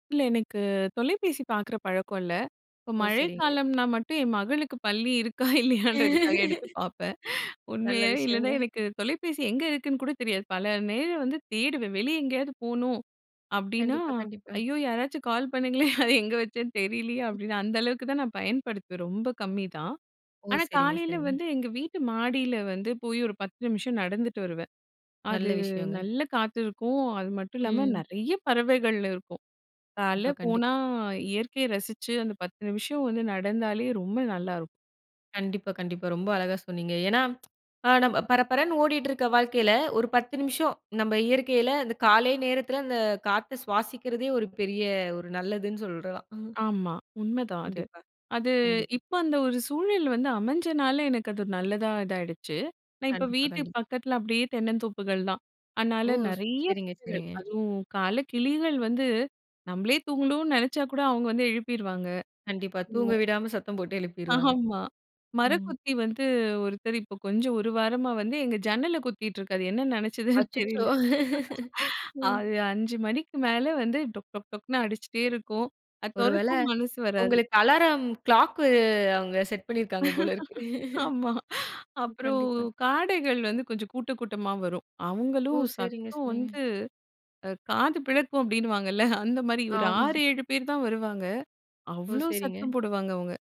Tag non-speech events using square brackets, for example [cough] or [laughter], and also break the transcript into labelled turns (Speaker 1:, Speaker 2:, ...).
Speaker 1: இல்ல, எனக்குத் தொலைபேசி பாக்குற பழக்கம் இல்ல. இப்ப
Speaker 2: ஓ! செரிங்க.
Speaker 1: மழைக்காலம்னா மட்டும் என் மகளுக்குப் பள்ளி இருக்கா இல்லையான்றதுக்காக எடுத்துப்
Speaker 2: [laughs]
Speaker 1: பாப்பேன்.
Speaker 2: நல்ல
Speaker 1: உண்மையா, இல்லன்னா
Speaker 2: விஷயங்க.
Speaker 1: எனக்குத் தொலைபேசி எங்க இருக்குன்னு கூடத் தெரியாது. பல நேரம் வந்து தேடுவேன். வெளிய எங்கேயாது போணும் அப்டின்னா,
Speaker 2: கண்டிப்பா, கண்டிப்பா.
Speaker 1: ஐயோ யாராச்சும் கால் பண்ணுங்களே அத எங்க வச்சேன்னு தெரிலயே அப்டின்னு அந்த அளவுக்குத் தான் நான் பயன்படுத்துவேன். ரொம்ப கம்மி தான்.
Speaker 2: ஓ!
Speaker 1: ஆனா
Speaker 2: செரிங்க,
Speaker 1: காலையில
Speaker 2: செரிங்க.
Speaker 1: வந்து எங்க வீட்டு மாடில வந்து போயி ஒரு 10 நிமிஷம் நடந்துட்டு வருவேன். அது
Speaker 2: நல்ல விஷயங்க.
Speaker 1: நல்ல காத்து இருக்கும். அது மட்டும் இல்லாம
Speaker 2: ம்.
Speaker 1: நெறயா பறவைகள் இருக்கும். கால்லே
Speaker 2: இப்ப கண்டிப்
Speaker 1: போனா இயற்கைய ரசிச்சு அந்தப் 10 நிமிஷம் வந்து நடந்தாலே ரொம்ப நல்லாருக்கும்.
Speaker 2: கண்டிப்பா, கண்டிப்பா. ரொம்ப அழகா சொன்னீங்க. ஏன்னா, [tsk] பா பற பறன்னு ஓடிட்டு இருக்க வாழ்க்கையில, ஒரு 10 நிமிஷம் நம்ம இயற்கைல, அந்த காலை நேரத்துல அந்தக் காத்த சுவாசிக்குறதே ஒரு பெரிய ஒரு நல்லதுன்னு சொல்றலாம்.
Speaker 1: ஆமா உண்மதான் அது.
Speaker 2: கண்டிப்பா,
Speaker 1: அது
Speaker 2: கண்டிப்
Speaker 1: இப்ப அந்த ஒரு சூழல் வந்து அமஞ்சனால எனக்கு அது நல்லதா இதா ஆயிடுச்சு. நான் இப்ப
Speaker 2: கண்டிப்பா,
Speaker 1: வீட்டு
Speaker 2: கண்டிப்பா.
Speaker 1: பக்கத்துல அப்டியே தென்னந்தோப்புகள் தான். அனால
Speaker 2: ஓ!
Speaker 1: நெறைய
Speaker 2: செரிங்க,
Speaker 1: பறவைகள்.
Speaker 2: செரிங்க.
Speaker 1: அதுவும் காலைல கிளிகள் வந்து நம்மளே தூங்கணும்னு நெனைச்சா கூட அவங்க வந்து எழுப்பிருவாங்க.
Speaker 2: கண்டிப்பா. தூங்கவிடாம சத்தம் போட்டு எழுப்பிருவாங்க.
Speaker 1: ஆமா,
Speaker 2: ம்.
Speaker 1: மரக்குத்தி வந்து ஒருத்தர் இப்ப கொஞ்சம் 1 வாரமா வந்து எங்க ஜன்னல குத்திட்டு இருக்காரு! என்ன நெனைச்சுதுன்னு
Speaker 2: அச்சச்சோ!
Speaker 1: தெரியல.
Speaker 2: [laughs] அ.
Speaker 1: அது 5 மணிக்கு மேல வந்து டொக் டொக் டொக்குன்னு அடிச்சிட்டே இருக்கும். அத
Speaker 2: ஒருவேள
Speaker 1: தொறத்தவும் மனசு வராது.
Speaker 2: உங்களுக்கு அலாரம் கிளாக்கு அவுங்க செட் பண்ணிருக்காங்க போலருக்கு.
Speaker 1: [laughs] ஆமா.
Speaker 2: [chuckles]
Speaker 1: அப்றம்
Speaker 2: கண்டிப்பா.
Speaker 1: காடைகள் கொஞ்சம் கூட்டக் கூட்டமா வரும்.
Speaker 2: ஓ!
Speaker 1: அவங்களும்
Speaker 2: செரிங்க,
Speaker 1: சத்தம்
Speaker 2: செரிங்க.
Speaker 1: வந்து அ காது பிளக்கும் அப்டின்னுவாங்கல, [chuckles] அந்த மாரி ஒரு
Speaker 2: ஆமா.
Speaker 1: 6,7 பேர் தான் வருவாங்க.
Speaker 2: ஓ!
Speaker 1: அவ்ளோ
Speaker 2: செரிங்க.
Speaker 1: சத்தம் போடுவாங்க அவுங்க.